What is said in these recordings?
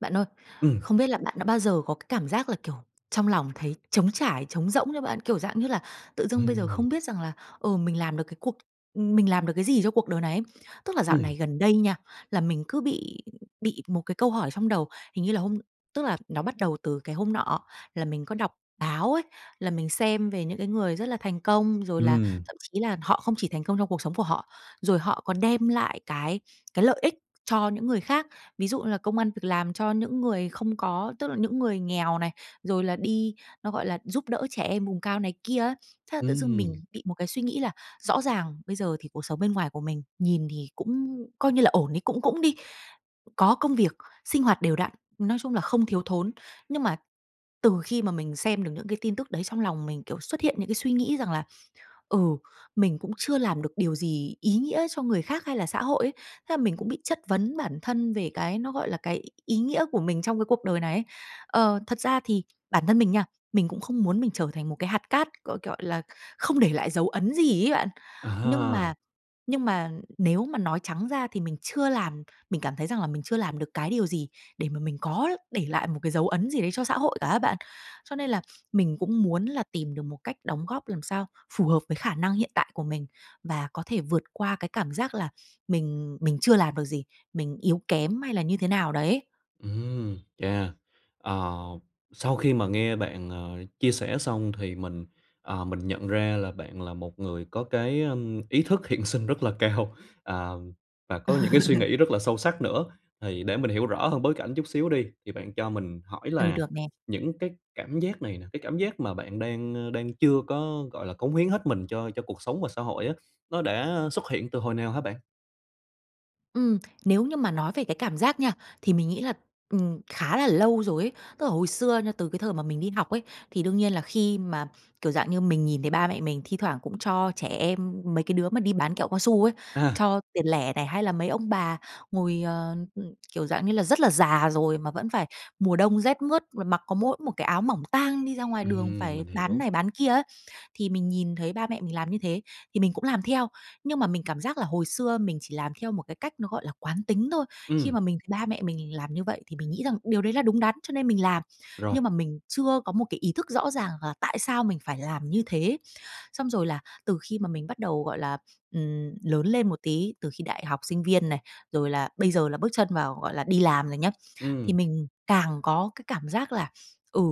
Bạn ơi, Ừm. không biết là bạn đã bao giờ có cái cảm giác là, kiểu, trong lòng thấy trống trải, trống rỗng chưa bạn? Kiểu, dạng như là tự dưng bây giờ Ừm. không biết rằng là, ừ, mình làm được cái cuộc ừm, mình làm được cái gì cho cuộc đời này ấy. Tức là dạo Ừm. này gần đây nha, là mình cứ bị bị một cái câu hỏi trong đầu. Hình như là hôm tức là nó bắt đầu từ cái hôm nọ là mình có đọc báo ấy, là mình xem về những cái người rất là thành công, rồi là Ừm. thậm chí là họ không chỉ thành công trong cuộc sống của họ, rồi họ còn đem lại cái cái lợi ích cho những người khác. Ví dụ như là công ăn việc làm cho những người không có tức là những người nghèo này, rồi là đi nó gọi là giúp đỡ trẻ em vùng cao này kia á. Thế là tự dưng mình Ừm. bị một cái suy nghĩ là rõ ràng bây giờ thì cuộc sống bên ngoài của mình nhìn thì cũng coi như là ổn đi, cũng cũng đi, có công việc, sinh hoạt đều đặn, nói chung là không thiếu thốn. Nhưng mà từ khi mà mình xem được những cái tin tức đấy trong lòng mình, kiểu, xuất hiện những cái suy nghĩ rằng là, ừ, mình cũng chưa làm được điều gì ý nghĩa cho người khác hay là xã hội ấy. Thế là mình cũng bị chất vấn bản thân về cái nó gọi là cái y ý nghĩa của mình trong cái cuộc đời này ấy. Ờ, thật ra thì bản thân mình nha, mình cũng không muốn mình trở thành một cái hạt cát, gọi gọi là không để lại dấu ấn gì ấy bạn. Nhưng mà À. nhưng mà nếu mà nói trắng ra thì mình chưa làm mình cảm thấy rằng là mình chưa làm được cái điều gì để mà mình có để lại một cái dấu ấn gì đấy cho xã hội cả á bạn. Cho nên là mình cũng muốn là tìm được một cách đóng góp làm sao phù hợp với khả năng hiện tại của mình, và có thể vượt qua cái cảm giác là mình mình chưa làm được gì, mình yếu kém hay là như thế nào đấy. Ừm, yeah. Ờ, sau khi mà nghe bạn, ờ, chia sẻ xong thì mình, ờ, mình nhận ra là bạn là một người có cái, ờm, ý thức hiện sinh rất là cao, à, và có những cái suy nghĩ rất là sâu sắc nữa. Thì để mình hiểu rõ hơn bối cảnh chút xíu đi, thì bạn cho mình hỏi Ừ, là được nè. những cái cảm giác này nè, cái cảm giác mà bạn đang, ờ, đang chưa có, gọi là, cống hiến hết mình cho cho cuộc sống và xã hội á, nó đã ờ xuất hiện từ hồi nào hả bạn? Ừm, nếu như mà nói về cái cảm giác nha, thì mình nghĩ là, ừm, khá là lâu rồi ấy. Tức là hồi xưa nha, từ cái thời mà mình đi học ấy, thì đương nhiên là khi mà kiểu dạng như, mình nhìn thấy ba mẹ mình thi thoảng cũng cho trẻ em, mấy cái đứa mà đi bán kẹo cao su ấy, À. cho tiền lẻ này, hay là mấy ông bà ngồi, ờ, ừm, kiểu dạng như là, rất là già rồi mà vẫn phải mùa đông rét mướt mà mặc có mỗi một cái áo mỏng tang đi ra ngoài đường, Ừm, phải mình bán hiểu. này bán kia á. Thì mình nhìn thấy ba mẹ mình làm như thế, thì mình cũng làm theo, nhưng mà mình cảm giác là hồi xưa mình chỉ làm theo một cái cách nó, gọi là, quán tính thôi. Khi Ừm. mà mình thì ba mẹ mình làm như vậy thì mình nghĩ rằng điều đấy là đúng đắn cho nên mình làm, Rồi. nhưng mà mình chưa có một cái ý thức rõ ràng là tại sao mình phải làm như thế ấy, xong rồi là từ khi mà mình bắt đầu, gọi là, ừm, lớn lên một tí, từ khi đại học sinh viên này, rồi là bây giờ là bước chân vào, gọi là, đi làm rồi nhá, thì Ừm. mình càng có cái cảm giác là, ừ,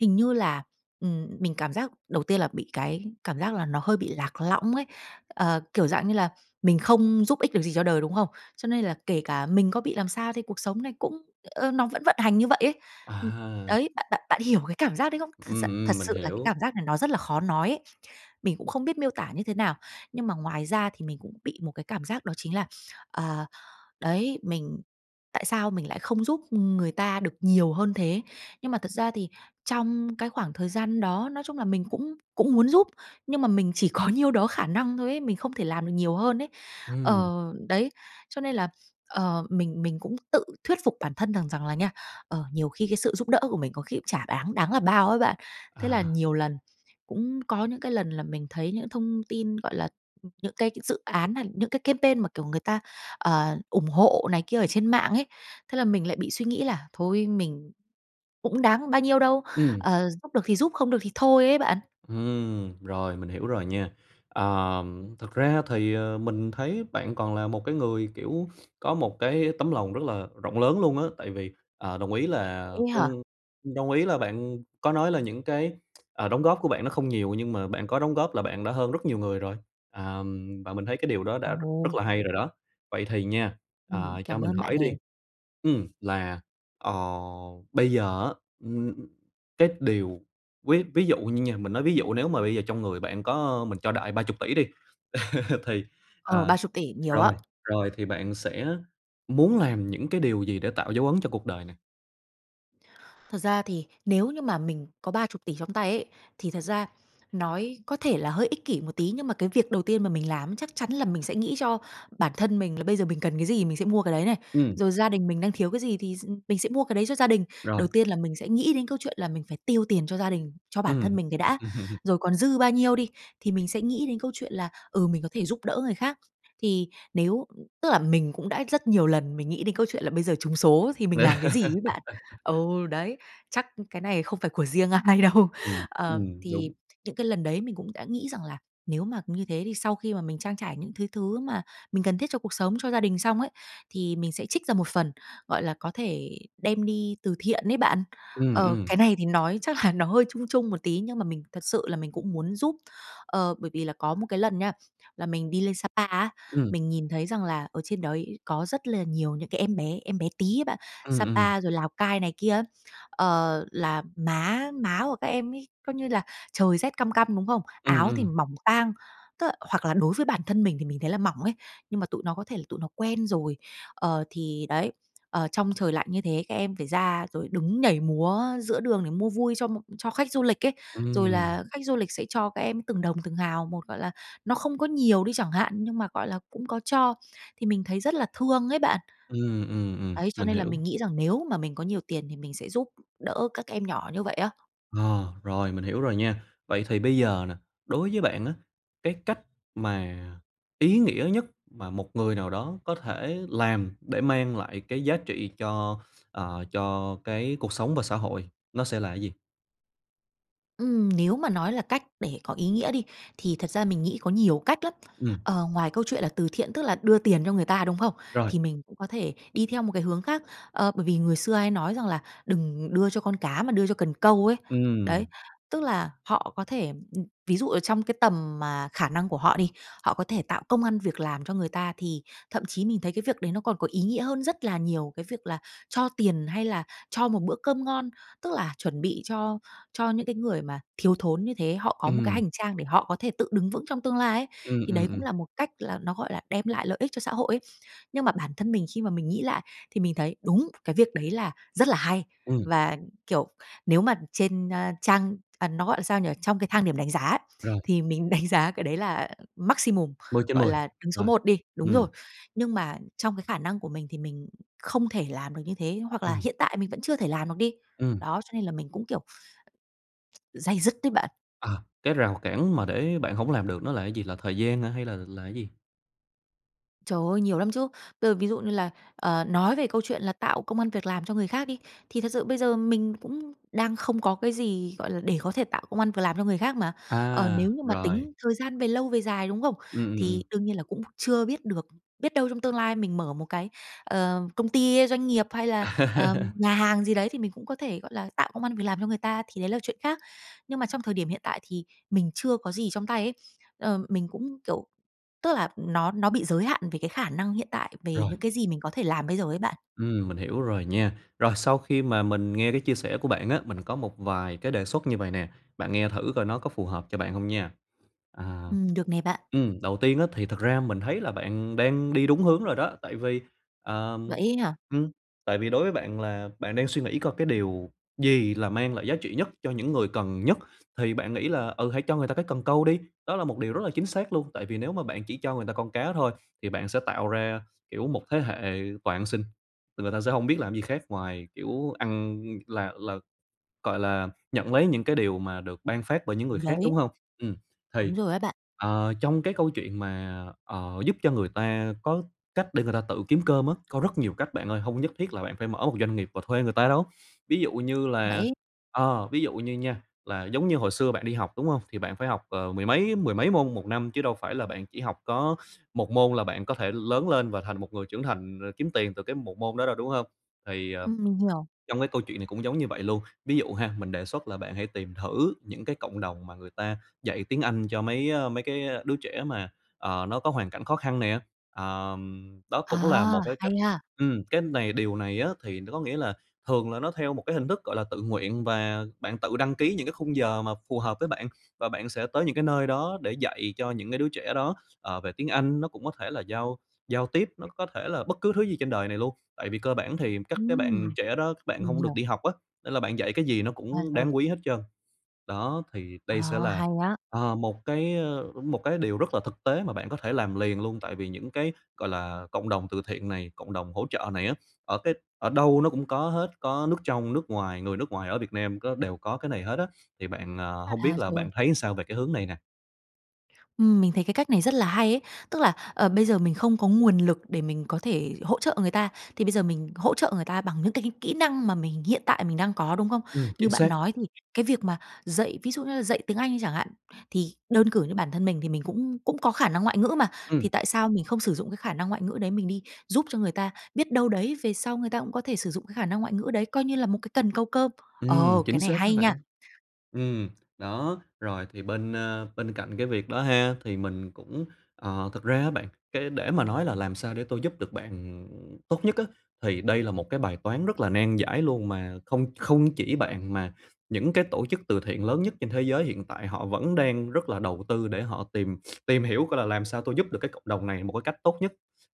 hình như là, ừm, mình cảm giác đầu tiên là bị cái cảm giác là nó hơi bị lạc lõng ấy, ờ, kiểu dạng như là, mình không giúp ích được gì cho đời, đúng không? Cho nên là kể cả mình có bị làm sao thì cuộc sống này cũng, ơ, nó vẫn vận hành như vậy ấy, ừm, À. đấy, bạn bạn bạn hiểu cái cảm giác đấy không? Thật s Ừm, thật ừm, mình sự là cái hiểu. cảm giác này nó rất là khó nói ấy, mình cũng không biết miêu tả như thế nào. Nhưng mà ngoài ra thì mình cũng bị một cái cảm giác đó chính là, ờ đấy, mình tại sao mình lại không giúp người ta được nhiều hơn thế? Nhưng mà thật ra thì trong cái khoảng thời gian đó, nói chung là mình cũng cũng muốn giúp, nhưng mà mình chỉ có nhiêu đó khả năng thôi ấy, mình không thể làm được nhiều hơn ấy. Ừm. Ờ, đấy, cho nên là, ờ, mình mình cũng tự thuyết phục bản thân rằng rằng là nha, ờ, nhiều khi cái sự giúp đỡ của mình có khi cũng chả đáng đáng là bao ấy bạn, thế là À. nhiều lần cũng có những cái lần là mình thấy những cái thông tin, gọi là, ừm, những cái dự án, à, hay những cái campaign mà, kiểu, người ta, ờ, ủng hộ này kia ở trên mạng ấy, thế là mình lại bị suy nghĩ là "Thôi, mình cũng đáng bao nhiêu đâu, Ừm. ờ, giúp được thì giúp, không được thì thôi" ấy bạn. Ừm, rồi mình hiểu rồi nha. Ờ, thực ra thì, ờ, mình thấy bạn còn là một cái người, kiểu, có một cái tấm lòng rất là rộng lớn luôn á, tại vì, à, đồng ý là Vậy á hả? không mình đồng ý là bạn có nói là những cái, à, đóng góp của bạn nó không nhiều nhưng mà bạn có đóng góp là bạn đã hơn rất nhiều người rồi, à, và mình thấy cái điều đó đã rất rất Ồ! là hay rồi đó. Vậy thì nha, Ừm, à, cho cảm mình ơn bạn hỏi đi, nè. ừm, là, ờ, bây giờ á, ừm, cái điều ví ví dụ như nha mình nói ví dụ nếu mà bây giờ trong người bạn có, ơ, mình cho đại 30.000.000.000 đi, thì, Ờ, à, 30.000.000.000, nhiều á. rồi rồi thì bạn sẽ muốn làm những cái điều gì để tạo dấu ấn cho cuộc đời này? Thật ra thì nếu như mà mình có 30.000.000.000 trong tay ấy, thì thật ra nói có thể là hơi ích kỷ một tí, nhưng mà cái việc đầu tiên mà mình làm chắc chắn là mình sẽ nghĩ cho bản thân mình, là bây giờ mình cần cái gì thì mình sẽ mua cái đấy này, Ừm. rồi gia đình mình đang thiếu cái gì thì s mình sẽ mua cái đấy cho gia đình. Rồi. Đầu tiên là mình sẽ nghĩ đến câu chuyện là mình phải tiêu tiền cho gia đình, cho bản thân Ừm. mình cái đã. Rồi còn dư bao nhiêu đi, thì mình sẽ nghĩ đến câu chuyện là, ừ, mình có thể giúp đỡ người khác. Thì nếu tức là mình cũng đã rất nhiều lần mình nghĩ đến câu chuyện là bây giờ trúng số thì mình làm cái gì ấy bạn. Ừ, đấy, chắc cái này không phải của riêng ai đâu. Ừm, ừ, Ờ, thì đúng. những cái lần đấy mình cũng đã nghĩ rằng là, nếu mà như thế thì sau khi mà mình trang trải những thứ thứ mà mình cần thiết cho cuộc sống, cho gia đình xong ấy, thì mình sẽ trích ra một phần, gọi là, có thể đem đi từ thiện ấy bạn. Ừm, Ờ, ừ. cái này thì nói chắc là nó hơi chung chung một tí, nhưng mà mình thật sự là mình cũng muốn giúp. Ờ, bởi vì là có một cái lần nha, là mình đi lên Sa Pa á, Ừ. mình nhìn thấy rằng là ở trên đấy có rất là nhiều những cái em bé, em bé tí ấy bạn, Ừm, ừ. Sapa rồi Lào Cai này kia á, ờ, là má má của các em ấy coi như là, trời rét căm căm, đúng không? Ừm, Áo thì ừm. mỏng tang. Tức là hoặc là đối với bản thân mình thì mình thấy là mỏng ấy, nhưng mà tụi nó có thể là tụi nó quen rồi. Ờ, thì đấy, ờ, trong trời lạnh như thế, các em phải ra rồi đứng nhảy múa giữa đường để mua vui cho một cho khách du lịch ấy, rồi Ừm. là khách du lịch sẽ cho các em từng đồng, từng hào một. Gọi là, nó không có nhiều đi chẳng hạn, nhưng mà, gọi là, cũng có cho. Thì mình thấy rất là thương ấy bạn. Ừm, ừm, ừm, Đấy, cho mình nên là hiểu. mình nghĩ rằng nếu mà mình có nhiều tiền thì mình sẽ giúp đỡ các em nhỏ như vậy á. Ờ, rồi, mình hiểu rồi nha. Vậy thì bây giờ nè, đối với bạn á, cái cách mà ý nghĩa nhất mà một người nào đó có thể làm để mang lại cái giá trị cho, ờ, cho cái cuộc sống và xã hội, nó sẽ là cái gì? Ừm, nếu mà nói là cách để có ý nghĩa đi, thì thật ra mình nghĩ có nhiều cách lắm. Ừm. Ờ, ngoài câu chuyện là từ thiện, tức là đưa tiền cho người ta, đúng không? Rồi. Thì mình cũng có thể đi theo một cái hướng khác. Ờ, bởi vì người xưa hay nói rằng là "Đừng đưa cho con cá mà đưa cho cần câu" ấy. Đấy, Ừm. tức là họ có thể, ví dụ ở trong cái tầm mà khả năng của họ đi, họ có thể tạo công ăn việc làm cho người ta thì thậm chí mình thấy cái việc đấy nó còn có ý nghĩa hơn rất là nhiều cái việc là cho tiền hay là cho một bữa cơm ngon. Tức là chuẩn bị cho cho những cái người mà thiếu thốn như thế, họ có một cái Ừm. hành trang để họ có thể tự đứng vững trong tương lai ấy. Ừm, Thì ừm, đấy cũng ừm. là một cách là nó gọi là đem lại lợi ích cho xã hội ấy. Nhưng mà bản thân mình khi mà mình nghĩ lại thì mình thấy đúng, cái việc đấy là rất là hay. Ừm. Và, kiểu, nếu mà trên, a, trang à, nó gọi sao nhỉ? Trong cái thang điểm đánh giá ấy, Rồi. thì mình đánh giá cái đấy là maximum, mười trên gọi mười, là, đứng số rồi, một đi đúng rồi. ừm. Nhưng mà trong cái khả năng của mình thì mình không thể làm được như thế, hoặc là Ừm. hiện tại mình vẫn chưa thể làm được đi. Ừm. Đó, cho nên là mình cũng, kiểu, day dứt đấy bạn. À, cái rào cản mà để bạn hổng làm được nó là cái gì? Là thời gian hả hay là là cái gì? Trời ơi! Nhiều lắm chứ. Bây giờ ví dụ như là, ờ, nói về câu chuyện là tạo công ăn việc làm cho người khác đi, thì thật sự bây giờ mình cũng đang không có cái gì, gọi là, để có thể tạo công ăn việc làm cho người khác mà. Ờ, nếu À, như mà rồi. tính thời gian về lâu về dài, đúng không? Ừm, ừm, ừm. Thì đương nhiên là cũng chưa biết được, biết đâu trong tương lai mình mở một cái, ờ, công ty, doanh nghiệp, hay là, ờ, nhà hàng gì đấy thì mình cũng có thể, gọi là, tạo công ăn việc làm cho người ta, thì đấy là chuyện khác. Nhưng mà trong thời điểm hiện tại thì mình chưa có gì trong tay ấy, ờ, mình cũng kiểu, tức là nó nó bị giới hạn về cái khả năng hiện tại, về Rồi. những cái gì mình có thể làm bây giờ ấy bạn. Ừm, mình hiểu rồi nha. Rồi, sau khi mà mình nghe cái chia sẻ của bạn á, mình có một vài cái đề xuất như vậy nè, bạn nghe thử coi nó có phù hợp cho bạn hông nha. À Ừm, được nè bạn. ừm, đầu tiên á, thì thật ra mình thấy là bạn đang đi đúng hướng rồi đó, tại vì, Vậy ờm, ấy hả? ừm, tại vì đối với bạn là bạn đang suy nghĩ coi cái điều gì là mang lại giá trị nhất cho những người cần nhất thì bạn nghĩ là, ừ, hãy cho người ta cái cần câu đi, đó là một điều rất là chính xác luôn, tại vì nếu mà bạn chỉ cho người ta con cá thôi thì bạn sẽ tạo ra, kiểu, một thế hệ toàn ăn xin. Thì người ta sẽ hông biết làm gì khác ngoài, kiểu, ăn là là gọi là, nhận lấy những cái điều mà được ban phát bởi những Ừ, người khác, đúng đấy. hông? Ừm, thì Đúng rồi á bạn. ờ, trong cái câu chuyện mà, ờ, giúp cho người ta có cách để người ta tự kiếm cơm á, có rất nhiều cách bạn ơi, hông nhất thiết là bạn phải mở một doanh nghiệp và thuê người ta đâu. Ví dụ như là, Vậy ờ, ví dụ như nha là giống như hồi xưa bạn đi học, đúng hông? Thì bạn phải học, ờ, mười mấy mười mấy môn 1 năm chứ đâu phải là bạn chỉ học có 1 môn là bạn có thể lớn lên và thành một người trưởng thành r kiếm tiền từ cái 1 môn đó đâu, đúng hông? Thì, ờ, Ừm, mình hiểu. trong cái câu chuyện này cũng giống như vậy luôn, ví dụ ha, mình đề xuất là bạn hãy tìm thử những cái cộng đồng mà người ta dạy tiếng Anh cho mấy, ơ, mấy cái đứa trẻ mà, ờ, nó có hoàn cảnh khó khăn nè, ờm, đó cũng là À, một cái hay cách ha! ừm, cái này điều này á thì có nghĩa là thường là nó theo một cái hình thức, gọi là, tự nguyện và bạn tự đăng ký những cái khung giờ mà phù hợp với bạn và bạn sẽ tới những cái nơi đó để dạy cho những cái đứa trẻ đó, ờ, về tiếng Anh, nó cũng có thể là giao giao tiếp, nó có thể là bất cứ thứ gì trên đời này luôn. Tại vì cơ bản thì các cái Ừm, bạn trẻ đó, các bạn mình hông được hiểu. đi học á, nên là bạn dạy cái gì nó À, cũng rồi. đáng quý hết trơn. Đó thì đây sẽ Ờ, là, hay á. ờ, một cái, ơ, một cái điều rất là thực tế mà bạn có thể làm liền luôn tại vì những cái, gọi là, cộng đồng từ thiện này, cộng đồng hỗ trợ này á, ở cái ở đâu nó cũng có hết, có nước trong nước ngoài, người nước ngoài ở Việt Nam có đều có cái này hết á. Thì bạn, à, hông biết À, là rồi. bạn thấy sao về cái hướng này nè? Ừm, mình thấy cái cách này rất là hay ấy. Tức là, ờ, bây giờ mình không có nguồn lực để mình có thể hỗ trợ người ta, thì bây giờ mình hỗ trợ người ta bằng những cái kỹ kỹ năng mà mình hiện tại mình đang có, đúng không? Ừm, Như chính bạn xác. nói thì cái việc mà dạy ví dụ như là dạy tiếng Anh đi chẳng hạn, thì đơn cử như bản thân mình thì mình cũng cũng có khả năng ngoại ngữ mà, thì Ừm. tại sao mình không sử dụng cái khả năng ngoại ngữ đấy mình đi giúp cho người ta? Biết đâu đấy, về sau người ta cũng có thể sử dụng cái khả năng ngoại ngữ đấy, coi như là một cái cần câu cơm. Ờ, Ừm, cái chính này xác đó hay nha! bạn. Ừm, đó. Rồi thì bên, a, bên cạnh cái việc đó ha, thì mình cũng, ờ, thực ra á bạn, cái để mà nói là làm sao để tôi giúp được bạn, ừm, tốt nhất á, thì đây là một cái bài toán rất là nan giải luôn, mà không không chỉ bạn mà những cái tổ chức từ thiện lớn nhất trên thế giới hiện tại họ vẫn đang rất là đầu tư để họ tìm tìm hiểu coi là làm sao tôi giúp được cái cộng đồng này một cái cách tốt nhất.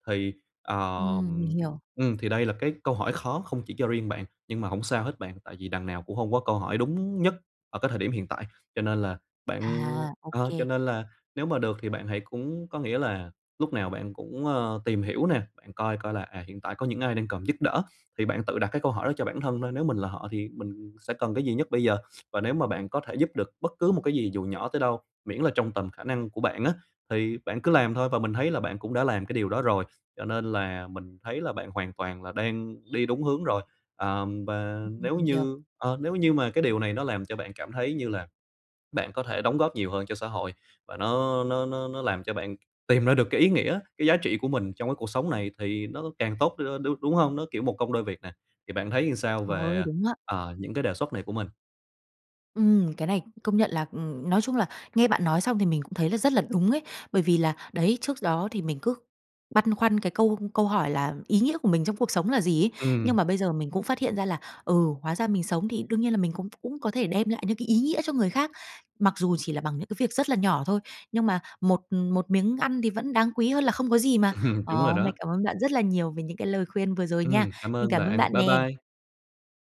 Thì, ờ, Ừm, mình ừm, hiểu. ừm, thì đây là cái câu hỏi khó không chỉ cho riêng bạn, nhưng mà hổng sao hết bạn, tại vì đằng nào cũng hông có câu hỏi đúng nhất ở cái thời điểm hiện tại. Cho nên là bạn À! Ô ờ, kê. cho nên là nếu mà được thì bạn hãy cũng có nghĩa là lúc nào bạn cũng, ơ, tìm hiểu nè, bạn coi coi là, à, hiện tại có những ai đang cần giúp đỡ thì bạn tự đặt cái câu hỏi đó cho bản thân thôi, nếu mình là họ thì mình sẽ cần cái gì nhất bây giờ. Và nếu mà bạn có thể giúp được bất cứ một cái gì dù nhỏ tới đâu, miễn là trong tầm khả năng của bạn á, thì bạn cứ làm thôi và mình thấy là bạn cũng đã làm cái điều đó rồi. Cho nên là mình thấy là bạn hoàn toàn là đang đi đúng hướng rồi. Ờm, và Ừm, nếu mình hiểu. như ờ, nếu như mà cái điều này nó làm cho bạn cảm thấy như là bạn có thể đóng góp nhiều hơn cho xã hội, và nó nó nó nó làm cho bạn tìm ra được cái ý nghĩa, cái giá trị của mình trong cái cuộc sống này thì nó càng tốt đi thôi, đ đúng hông? Nó, kiểu, một công đôi việc nè. Thì bạn thấy làm sao Trời về, ơi, ờ, đúng á! ờ, những cái đề xuất này của mình? Ừm, cái này công nhận là, ừm, nói chung là nghe bạn nói xong thì mình cũng thấy là rất là đúng ấy, bởi vì là đấy, trước đó thì mình cứ băn khoăn cái câu câu hỏi là "ý nghĩa của mình trong cuộc sống là gì?" ấy. Nhưng Ừm. mà bây giờ mình cũng phát hiện ra là, ừ, hóa ra mình sống thì đương nhiên là mình cũng cũng có thể đem lại những cái ý nghĩa cho người khác. Mặc dù chỉ là bằng những cái việc rất là nhỏ thôi, nhưng mà một một miếng ăn thì vẫn đáng quý hơn là không có gì mà. Ờ, Đúng rồi hôm nay đó. cảm ơn bạn rất là nhiều về những cái lời khuyên vừa rồi nha. Ừm, cảm Mình ơn cảm ơn bạn. bạn Bye nè! bye!